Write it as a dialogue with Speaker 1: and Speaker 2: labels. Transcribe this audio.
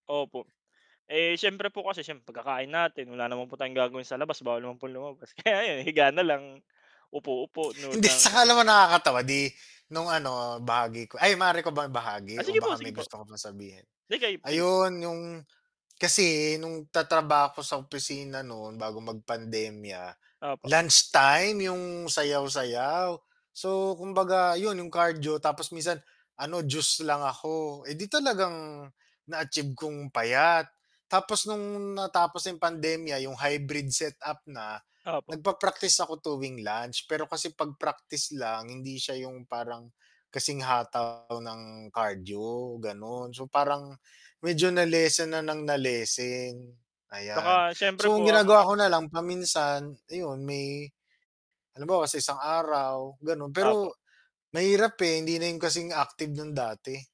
Speaker 1: Opo, eh, siyempre po kasi siyempre pagkakain natin wala naman po tayong gagawin sa labas bawal naman pong lumabas, kaya ayun higa na lang, upo-upo, nood
Speaker 2: Hindi
Speaker 1: ng
Speaker 2: 'tsaka alam mo nakakatawa di nung ano, bahagi ko ay maaari ko bang
Speaker 1: Ah,
Speaker 2: ibahagi o
Speaker 1: sige po,
Speaker 2: baka may
Speaker 1: sige po.
Speaker 2: gusto ka pang sabihin?
Speaker 1: Hindi kay sige po.
Speaker 2: Ayun 'yung, kasi nung tatrabaho ako sa opisina no'n bago magpandemya,
Speaker 1: Opo.
Speaker 2: lunch time 'yung sayaw-sayaw, so kumbaga 'yun 'yung cardio tapos minsan ano juice lang ako, eh di talagang na-achieve kong payat. Tapos nung natapos ng pandemya 'yung hybrid set-up na,
Speaker 1: Opo.
Speaker 2: nag-pa-praktis ako tuwing lunch, pero kasi 'pag praktis lang hindi siya 'yung parang kasing hataw ng cardio gano'n, so parang medyo na-lessen na ng na-lessen, ayan.
Speaker 1: 'Tsaka siyempre
Speaker 2: So,
Speaker 1: po
Speaker 2: ang ginagawa ko
Speaker 1: [unintelligible]
Speaker 2: na lang paminsan iyun may halimbawa sa isang araw gano'n,
Speaker 1: Opo.
Speaker 2: pero mahirap, eh, hindi na 'yun kasing active ng dati.